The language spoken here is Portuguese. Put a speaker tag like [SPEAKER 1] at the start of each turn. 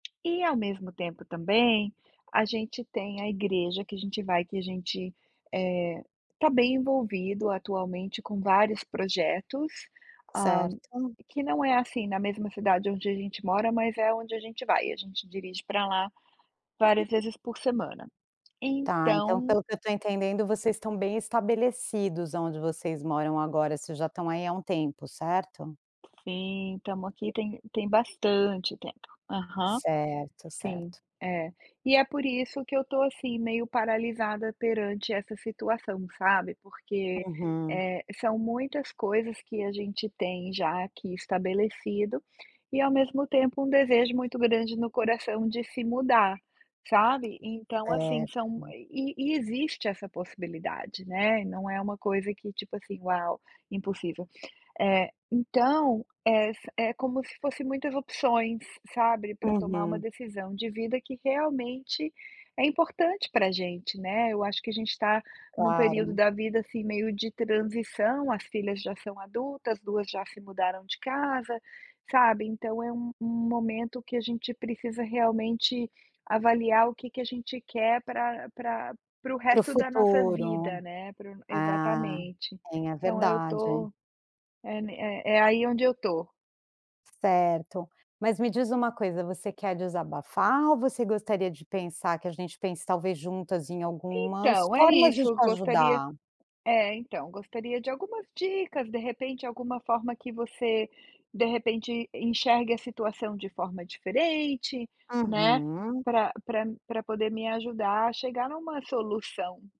[SPEAKER 1] E ao mesmo tempo também a gente tem a igreja que a gente vai que a gente, eh, tá bem envolvido atualmente com vários projetos, hã,
[SPEAKER 2] Certo.
[SPEAKER 1] e que não é, assim, na mesma cidade onde a gente mora mas é onde a gente vai, a gente dirige para lá várias vezes por semana,
[SPEAKER 2] Está, então
[SPEAKER 1] então
[SPEAKER 2] pelo que eu estou entendendo vocês estão bem estabelecidos aonde vocês moram agora, vocês já estão aí há um tempo, certo?
[SPEAKER 1] Sim, estamos aqui tem tem bastante tempo, aham,
[SPEAKER 2] Certo,
[SPEAKER 1] sim,
[SPEAKER 2] certo.
[SPEAKER 1] é, e é por isso que eu estou assim meio paralisada perante essa situação sabe, porque,
[SPEAKER 2] Uhum.
[SPEAKER 1] eh, são muitas coisas que a gente tem já aqui estabelecido, e ao mesmo tempo um desejo muito grande no coração de se mudar, sabe? Então assim,
[SPEAKER 2] Certo.
[SPEAKER 1] são, e e existe essa possibilidade, né, e não é uma coisa que tipo assim: "Uau, impossível", então, é sa é como se fosse muitas opções, sabe, para tomar uma
[SPEAKER 2] Aham.
[SPEAKER 1] decisão de vida que realmente é importante pra gente, né, eu acho que a gente tá em um período
[SPEAKER 2] Claro.
[SPEAKER 1] da vida assim meio de transição, as filhas já são adultas, as 2 já mudaram de casa, sabe, então é um um momento que a gente precisa realmente avaliar o que que a gente quer pra pra para o
[SPEAKER 2] Para o
[SPEAKER 1] resto da nossa
[SPEAKER 2] futuro.
[SPEAKER 1] vida, né, para o
[SPEAKER 2] Ah,
[SPEAKER 1] exatamente,
[SPEAKER 2] tem é
[SPEAKER 1] então eu
[SPEAKER 2] verdade.
[SPEAKER 1] tô é ne é aí onde eu estou.
[SPEAKER 2] Certo, mas me diz uma coisa você quer desabafar ou você gostaria de pensar que a gente pense talvez juntas em algumas
[SPEAKER 1] Então é
[SPEAKER 2] formas de
[SPEAKER 1] isso, eu
[SPEAKER 2] te
[SPEAKER 1] gostaria
[SPEAKER 2] ajudar?
[SPEAKER 1] é então, gostaria de algumas dicas, de repente, alguma forma que você de repente enxergue a situação de forma diferente, né,
[SPEAKER 2] Aham.
[SPEAKER 1] pra pra me pra poder me ajudar a chegar em uma solução.